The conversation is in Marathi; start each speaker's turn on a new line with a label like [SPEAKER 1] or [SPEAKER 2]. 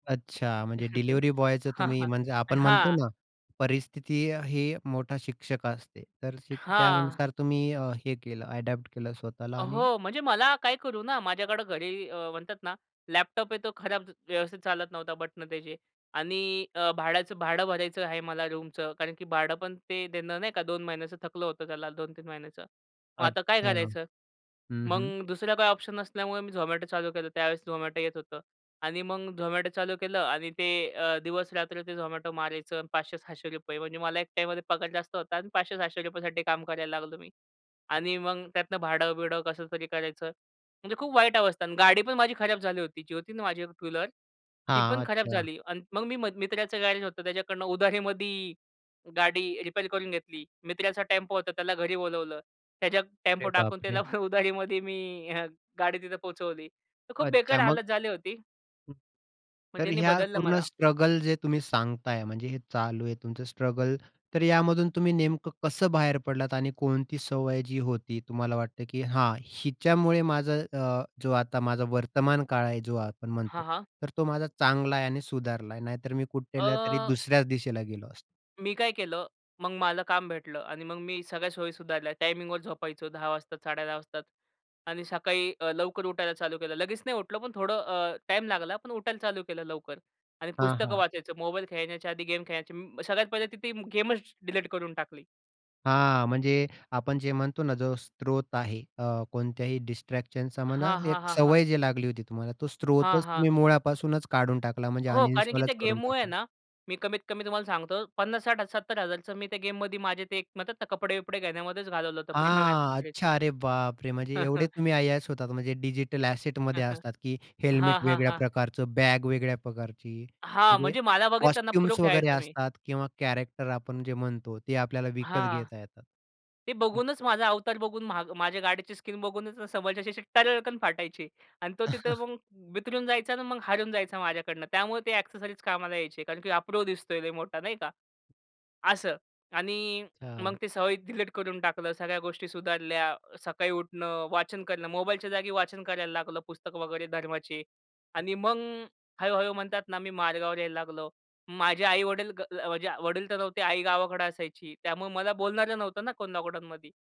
[SPEAKER 1] अच्छा. म्हणजे डिलिव्हरी बॉयचं
[SPEAKER 2] हां.
[SPEAKER 1] तुम्ही
[SPEAKER 2] हां.
[SPEAKER 1] म्हणजे आपण म्हणतो
[SPEAKER 2] हां.
[SPEAKER 1] ना परिस्थिती ही मोठा शिक्षक असते. तर
[SPEAKER 2] हां.
[SPEAKER 1] त्यानुसार तुम्ही हे केलं अडॉप्ट केलं स्वतःला आणि
[SPEAKER 2] हो. म्हणजे मला काय करू ना माझ्याकडं घरी म्हणतात ना लॅपटॉप आहे तो खराब व्यवस्थित चालत नव्हता बटनं त्याची. आणि अ, भाड्याचं भाडं भरायचं आहे मला रूमचं कारण की भाडं पण ते देणं नाही का 2 महिन्याचं थकलं होतं त्याला 2-3 महिन्याचं. मग आता काय
[SPEAKER 1] अच्छा.
[SPEAKER 2] करायचं.
[SPEAKER 1] हं,
[SPEAKER 2] मग
[SPEAKER 1] हं.
[SPEAKER 2] दुसरा काही ऑप्शन नसल्यामुळे मी झोमॅटो चालू केलं. त्यावेळेस झोमॅटो येत होतं आणि मग झोमॅटो चालू केलं आणि ते अ, दिवस-रात्री ते झोमॅटो मारायचं आणि ₹500-600 म्हणजे मला एक टाईममध्ये पगार जास्त होता आणि ₹500-600 साठी काम करायला लागलो मी. आणि मग त्यातनं भाडं-बिडं कसं तरी करायचं. म्हणजे खूप वाईट अवस्था. आणि गाडी पण माझी खराब झाली होती. जी होती ना माझ्याकड एक टू व्हीलर ती पण
[SPEAKER 1] हां.
[SPEAKER 2] खराब
[SPEAKER 1] अच्छा.
[SPEAKER 2] झाली आणि मग मी मित्राचं गॅरेज होतं त्याच्याकडनं उधारीमध्ये गाडी रिपेअर करून घेतली. मित्राचा टेम्पो होता त्याला घरी बोलावलं. त्याच्या
[SPEAKER 1] अरे
[SPEAKER 2] टेम्पो टाकून त्याला
[SPEAKER 1] बापरे!
[SPEAKER 2] उधारीमध्ये मी गाडी तिथं पोहोचवली. तर खूप बेकार
[SPEAKER 1] अच्छा मग
[SPEAKER 2] हालत झाली होती.
[SPEAKER 1] हं.
[SPEAKER 2] मग
[SPEAKER 1] तर
[SPEAKER 2] त्यानी
[SPEAKER 1] ह्या
[SPEAKER 2] बदललं
[SPEAKER 1] पूर्ण
[SPEAKER 2] मला.
[SPEAKER 1] स्ट्रगल जे तुम्ही सांगताय म्हणजे हे चालू आहे तुमचं स्ट्रगल, तर यामधून तुम्ही नेमकं कसं बाहेर पडलात? आणि कोणती सवय जी होती तुम्हाला वाटतं की हां, हिच्यामुळे माझं अ, जो आता माझा वर्तमानकाळ आहे जो आपण म्हणतो,
[SPEAKER 2] हां, हां.
[SPEAKER 1] तर तो माझा चांगला आहे आणि सुधारला आहे. नाहीतर मी कुठल्यातरी
[SPEAKER 2] अ
[SPEAKER 1] दुसऱ्याच दिशेला गेलो असतो.
[SPEAKER 2] मी काय केलं, मग मला काम भेटलं आणि मग मी सगळ्या सोयी सुधारल्या. टायमिंगवर झोपायचो 10 वाजता, 10:30 वाजतात आणि सकाळी अ, लवकर उठायला चालू केलं. लगेच नाही उठलो, पण थोडं टाईम लागला पण उठायला चालू केलं लवकर आणि
[SPEAKER 1] हां,
[SPEAKER 2] पुस्तकं
[SPEAKER 1] हां.
[SPEAKER 2] वाचायचं. मोबाईल खेळण्याच्या आधी गेम खेळण्याचे, सगळ्यात पहिले तिथं गेमच डिलीट करून टाकली.
[SPEAKER 1] हां, म्हणजे आपण जे म्हणतो ना जो स्रोत आहे अ, कोणत्याही डिस्ट्रॅक्शनचा म्हणा,
[SPEAKER 2] हां,
[SPEAKER 1] एक
[SPEAKER 2] हां, हां, हां.
[SPEAKER 1] सवय जी लागली होती तुम्हाला, तो
[SPEAKER 2] हां,
[SPEAKER 1] स्रोतच
[SPEAKER 2] हां.
[SPEAKER 1] तुम्ही मुळापासूनच काढून टाकला, म्हणजे
[SPEAKER 2] हो. कारण की त्या
[SPEAKER 1] अनइन्स्टॉलच करून
[SPEAKER 2] गेममुळे आहे
[SPEAKER 1] टाकला.
[SPEAKER 2] ना मी कमीत कमी तुम्हाला सांगतो ₹50,000-60,000-70,000चं मी त्या गेममध्ये माझे ते कपडे-बिपडे घेण्यामध्येच घालवलं होतं प्रीमियम
[SPEAKER 1] हां.
[SPEAKER 2] एक्सेसरीज.
[SPEAKER 1] अच्छा, अरे बापरे! म्हणजे एवढे तुम्ही अय्याश होतात म्हणजे डिजिटल असेटमध्ये असतात की हेल्मेट
[SPEAKER 2] हां, हां,
[SPEAKER 1] वेगळ्या
[SPEAKER 2] हां.
[SPEAKER 1] प्रकारचं, बॅग वेगळ्या प्रकारची.
[SPEAKER 2] हां.
[SPEAKER 1] म्हणजे
[SPEAKER 2] म्हणजे मला बघितलं ना प्रो
[SPEAKER 1] कॉस्ट्यूम्स वगैरे
[SPEAKER 2] खेळायचो मी.
[SPEAKER 1] असतात किंवा कॅरेक्टर आपण जे म्हणतो ते आपल्याला विकत
[SPEAKER 2] हां.
[SPEAKER 1] घेता येतात.
[SPEAKER 2] ते बघूनच, माझा अवतार बघून, मा माझ्या गाडीची स्किन बघूनच समोरच्याची टरकन फाटायची. आणि तो तिथे मग बिथरून जायचा आणि मग हरून जायचा माझ्याकडनं, त्यामुळे ते एक्सेसरीज कामाला यायचे कारण की "हा प्रो दिसतोय लय मोठा," नाही का? असं आणि मग
[SPEAKER 1] [unintelligible]
[SPEAKER 2] ते सवयी डिलीट करून टाकलं, सगळ्या गोष्टी सुधारल्या. सकाळी उठणं, वाचन करणं, मोबाईलच्या जागी वाचन करायला लागलो, पुस्तकं वगैरे धर्माची. आणि मग हळू-हळू म्हणतात ना, मी मार्गावर यायला लागलो. माझे आई-वडील, अ, माझे वडील तर नव्हते, आई गावाकडे असायची. त्यामुळे मला बोलणारं नव्हतं ना कोण लॉकडाऊनमध्ये.